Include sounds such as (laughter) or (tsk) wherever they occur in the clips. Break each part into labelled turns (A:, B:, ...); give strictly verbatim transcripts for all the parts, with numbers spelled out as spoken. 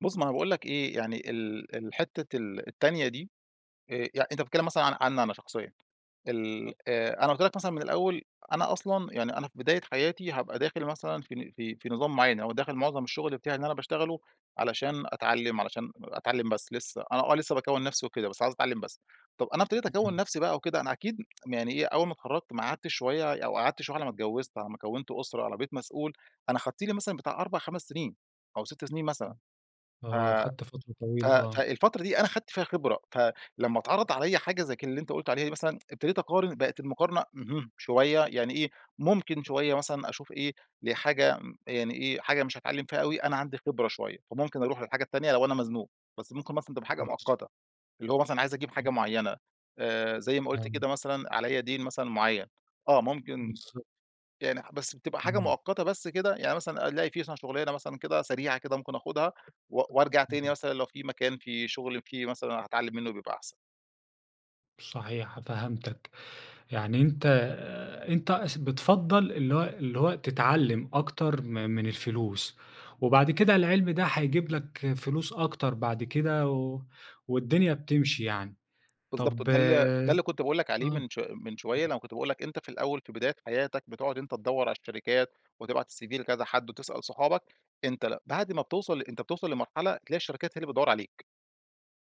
A: بُص، ما أنا باقول لك إيه، يعني ال ال حتة ال التانية دي، آآ، يعني أنت بتتكلم مثلًا عن عني أنا شخصيًا، ال
B: آه.
A: آآ أنا قُلت لك مثلًا من الأول، أنا أصلًا يعني أنا في بداية حياتي هابقى داخل مثلًا في ن في في نظام معين أو داخل معظم الشغل بتاعي إن أنا باشتغله علشان أتعلم، علشان أتعلم بس لسه، أنا آه، لسه باكوّن نفسي وكده، بس عايز أتعلم بس. طب، أنا ابتديت أكوّن
B: إمم.
A: نفسي بقى وكده، أنا أكيد (tsk) يعني إيه، أول ما اتخرجت ما قعدتش شوية أو قعدت شوية على ما اتجوزت، على ما كوّنت أسرة، على ما بقيت مسؤول، أنا خدت لي مثلًا بتاع أربع خمس سنين أو ست سنين مثلًا.
B: إمم.
A: ف
B: آه، أخدت فترة
A: ف
B: طويلة آه.
A: فالفترة دي أنا خدت فيها خبرة، فلما اتعرض عليّا حاجة زي ك اللي أنت قُلت عليها دي مثلًا، ابتديت أقارن، بقت المقارنة اهم، شوية يعني إيه، ممكن شوية مثلًا أشوف ايه، لحاجة يعني إيه، حاجة مش هاتعلم فيها أوي أنا عندي خبرة شوية، فممكن أروح للحاجة التانية لو أنا مزنوق، بس ممكن مثلًا تبقى حاجة
B: بس.
A: مؤقتة. اللي هو مثلًا عايز أجيب
B: امم.
A: حاجة معينة آآ، زي ما قُلت
B: آه.
A: كده مثلًا عليّا دين مثلًا معين، آه، ممكن
B: بالضبط.
A: يعني بس بتبقى حاجة
B: إمم.
A: مؤقتة بس كده، يعني مثلًا ألاقي مثلًا في شغلانة مثلًا كده سريعة كده ممكن آخدها و وأرجع تاني
B: إمم.
A: مثلًا لو في مكان، في شغل، في مثلًا هاتعلم منه بيبقى أحسن.
B: صحيح. فهمتك، يعني أنت آآ، أنت س بتفضّل اللي هو اللي هو تتعلم أكتر م من الفلوس، وبعد كده العلم ده هيجيب لك فلوس أكتر بعد كده، و والدنيا بتمشي يعني.
A: بالضبط،
B: طب
A: ده ال ده
B: آه.
A: اللي كنت باقول لك عليه
B: امم.
A: من ش من شوية، لمّا كنت باقول لك أنت في الأول، في بداية حياتك، بتقعد أنت تدوّر على الشركات وتبعت الCV لكذا حد، وتسأل صحابك. أنت ل بعد ما بتوصل أنت بتوصل لمرحلة، تلاقي الشركات هي اللي بتدوّر عليك،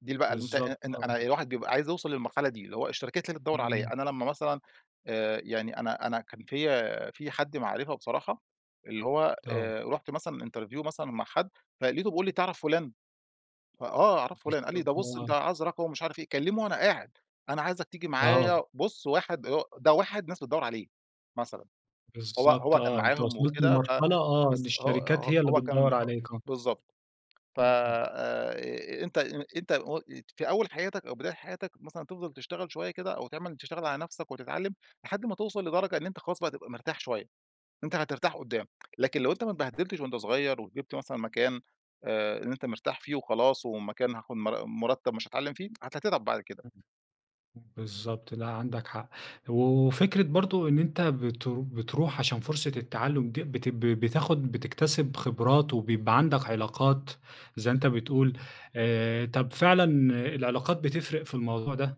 A: دي ال بقى اللي أنت
B: بالضبط،
A: إن إن
B: آه.
A: أنا الواحد بيبقى عايز يوصل للمرحلة دي، اللي هو الشركات هي اللي تدوّر
B: إمم.
A: عليّا. أنا لمّا مثلًا آآ، يعني أنا أنا كان فيّا في حد معرفه بصراحة، اللي هو
B: آه.
A: آآ، رُحت مثلًا interview مثلًا مع حد، فلقيته بيقول لي: "تعرف فلان؟" ف آه، أعرف فلان. قال لي:"
B: بالضبط،
A: ده
B: ما
A: بُص،
B: هو
A: أنت عايز رقمه ومش عارف إيه." كلمه وأنا قاعد. أنا عايزك تيجي
B: آه.
A: معايّا. بُص، واحد ده واحد ناس بتدوّر عليه مثلًا. هو
B: بالضبط
A: هو كان
B: آه، أنت
A: معاهم
B: وصلت
A: وكده ف
B: لمرحلة آه، إن
A: بس هو
B: الشركات
A: ه
B: هي اللي
A: هو كان
B: بتدوّر
A: آآ،
B: عليك، آه.
A: بالضبط. ف
B: إمم.
A: آآ، أنت أنت و ات في أول حياتك أو بداية حياتك مثلًا تفضل تشتغل شوية كده أو تعمل تشتغل على نفسك وتتعلم، لحد ما توصل لدرجة إن أنت خلاص بقى تبقى مرتاح شوية. أنت هترتاح قدام، لكن لو أنت ما اتبهدلتش وأنت صغير وجبت مثلًا مكان، آآ، إن أنت مرتاح فيه وخلاص، ومكان هاخد مر مرتب مش هاتعلم فيه، هت تتعب بعد كده.
B: إمم، بالضبط. لأ، عندك حق. وفكرة برضه إن أنت بت بتروح عشان فرصة التعلم دي بتب بتاخد بتكتسب خبرات وبيبقى عندك علاقات، زي ما أنت بتقول. آآ، طب فعلًا العلاقات بتفرق في الموضوع ده؟